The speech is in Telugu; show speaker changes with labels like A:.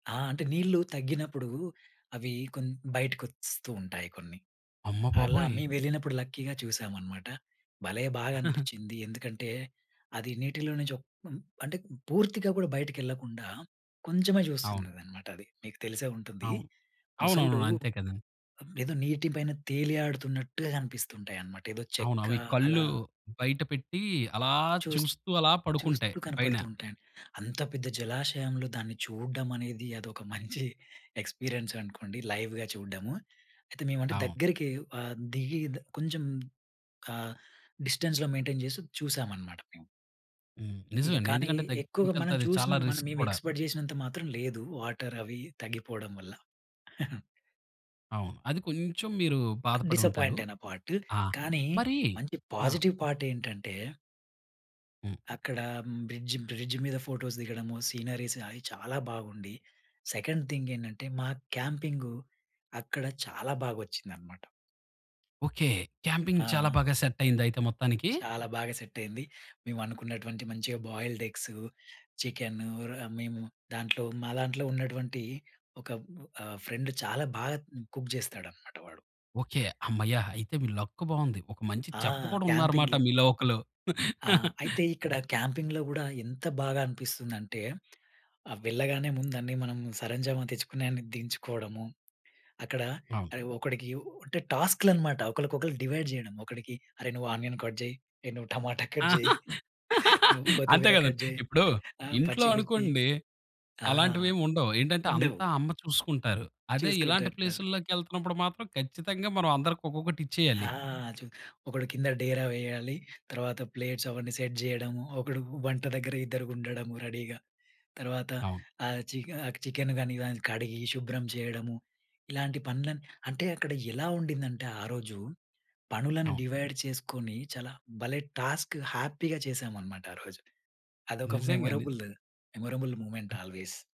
A: ఆ! అంటే నీళ్లు తగ్గినప్పుడు అవి కొన్ని బయటకి వస్తుంటాయి కొన్ని.
B: అమ్మ
A: అలా
B: బాబోయ్!
A: మేమెళ్ళినప్పుడు లక్కీగా చూసామనమాట. భలే బాగనిపించింది! ఎందుకంటే అది నీటిలో నుంచి అంటే పూర్తిగా కూడా బయటికెళ్లకుండా కొంచెమే
B: అవును.
A: చూస్తుందనమాటది. మీకు తెలిసే ఉంటుంది.
B: అవును.
A: మొసళ్ళు
B: అవునవును. అంతే కదండి.
A: ఏదో నీటి పైన తేలి ఆడుతున్నట్టుగా కనిపిస్తుంటాయన్నమాట. ఏదో
B: అవును.
A: చెక్క
B: అవి
A: అలా
B: కళ్ళు బయట పెట్టి అలా
A: చూస్తూ
B: చూస్తూ అలా పడుకుంటాయి.
A: చూస్తూ
B: పైన.
A: కనపడుతూ ఉంటాయండి. అంత పెద్ద జలాశయంలో దాన్ని చూడడం అనేది అదొక మంచి ఎక్స్పీరియన్స్ అనుకోండి. లైవ్‌గా చూడడము. అయితే మేము అంటె
B: అవును.
A: దగ్గరికి ఆహ్, దిగి కొంచెం ఆహ్, డిస్టెన్స్‌లో మెయింటైన్ చేసి చూసామనమాట. మేము.
B: హ్మ్. నిజమే
A: ఇక
B: అండి.
A: కానీ
B: ఎందుకంటే
A: ఎక్కువగా
B: దగ్గరికి
A: మనం
B: వెళ్తే చాలా
A: చూసినం
B: రిస్క్
A: మేము
B: కూడా.
A: ఎక్స్‌పెక్ట్ చేసినంత మాత్రం లేదు. వాటర్ అవి తగ్గిపోవడం వల్ల.
B: అవును. అది కొంచెం మీరు బాధపడుంటారు.
A: డిస్సపాయింటయిన పార్టు.
B: ఆ!
A: కానీ
B: మరి
A: మంచి
B: ఆ!
A: పాజిటివ్ పార్ట్ ఏంటంటే
B: హ్మ్.
A: అక్కడ బ్రిడ్జ్, బ్రిడ్జ్ మీద ఫోటోస్ దిగడము. సీనరీస్ అవి చాలా బాగుండి. సెకండ్ థింగ్ ఏంటంటే మా క్యాంపింగు అక్కడ చాలా బాగొచ్చిందనమాట.
B: ఓకే. క్యాంపింగ్ చాలా
A: ఆ!
B: బాగా సెట్ అయింది అయితే మొత్తానికి?
A: చాలా బాగా సెట్ అయింది. మేమనుకున్నటువంటి మంచిగా బాయిల్డ్ ఎగ్సు, చికెన్ ర మేము దాంట్లో మా దాంట్లో ఉన్నటువంటి ఒక ఆహ్, ఫ్రెండ్ చాలా బాగా కుక్ చేస్తాడన్నమాట వాడు.
B: ఓకే. హమ్మయ్య! అయితే మీ లక్ బావుంది ఒక మంచి
A: ఆ!
B: చెఫ్ కూడా ఉన్నారన్నమాట
A: క్యాంపింగ్‌లో.
B: మీలో ఒకళ్ళు.
A: ఆ! అయితే ఇక్కడ క్యాంపింగ్‌లో కూడా ఎంత బాగా అనిపిస్తుందంటే. ఆహ్, వెళ్ళగానే ముందన్నీ మనం సరంజామా తెచ్చుకునే దించుకోవడము. అక్కడ
B: అవును.
A: ఆహ్, ఒకడికి అంటే టాస్క్‌లన్నమాట. ఒకళ్ళకొకళ్ళు డివైడ్ చేయడం ఒకడికి అరె! నువ్వు ఆనియన్ కట్ చెయ్, నువ్వు టమాటా కట్ చెయ్, నువ్వు
B: అంతే
A: కొత్తిమీర
B: కదండి.
A: కట్ చేయి
B: ఇప్పుడు
A: ఆ
B: ఇంట్లో
A: పచ్చి మిర్చి
B: అనుకోండి,
A: ఆ!
B: అలాంటివి ఏమి ఉండవు ఏంటంటే
A: ఉండవు.
B: అంతా అమ్మ చూసుకుంటారు. అదే
A: చూసుకుంటా
B: ఇలాంటి
A: ఉంటావా?
B: ప్లేసుల్లోకెళ్తున్నపుడు మాత్రం ఖచ్చితంగా మనం అందరికి ఒక్కొక్కటి ఇచ్చేయాలి.
A: ఆ! చు ఒకడు కింద డేరా వేయాలి. తర్వాత ప్లేట్స్ అవన్నీ సెట్ చేయడము. ఒకడు వంట దగ్గర ఇద్దరుండడము రెడీగా. తర్వాత
B: అవును.
A: ఆహ్, చికెన్ ఆ చికెన్ గాని కడిగి శుభ్రం చేయడము. ఇలాంటి పనులని అంటే అక్కడ ఎలా ఉండిందంటే ఆరోజు పనులను
B: అవును.
A: డివైడ్ చేసుకొని చాలా భలే టాస్క్ హ్యాపీగా చేశామన్నమాట ఆరోజు. అదొక
B: నిజంగా. ని
A: memorable day, memorable moment
B: ah.
A: Always.